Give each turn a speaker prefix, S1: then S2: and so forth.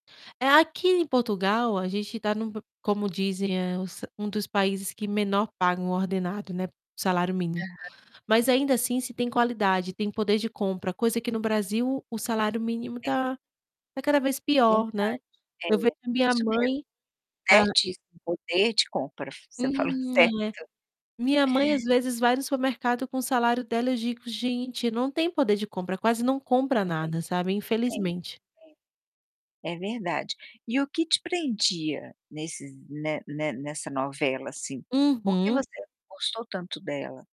S1: Eh, aqui, em Portugal, a gente tá num p como dizem é s um dos países que menor pagam ordenado, né, salário mínimo.
S2: Aham.
S1: Mas ainda assim se tem qualidade, tem poder de compra, coisa que no Brasil o salário mínimo
S2: É.
S1: tá tá cada vez
S2: É
S1: pior, né.
S2: verdade.
S1: Eu vejo
S2: É.
S1: a minha
S2: Isso mesmo.
S1: mãe, sabe
S2: Certíssimo, poder de compra, você falou
S1: Hum, eh.
S2: certo.
S1: Minha mãe, às vezes, vai no supermercado com o salário dela, eu digo: "Gente ,não tem poder de compra. Quase não compra
S2: Sim,
S1: nada, sabe,
S2: sim,
S1: infelizmente".
S2: sim. É verdade. E o que te prendia nesses ne ne nessa novela, assim. Por que
S1: Uhum.
S2: você gostou tanto dela?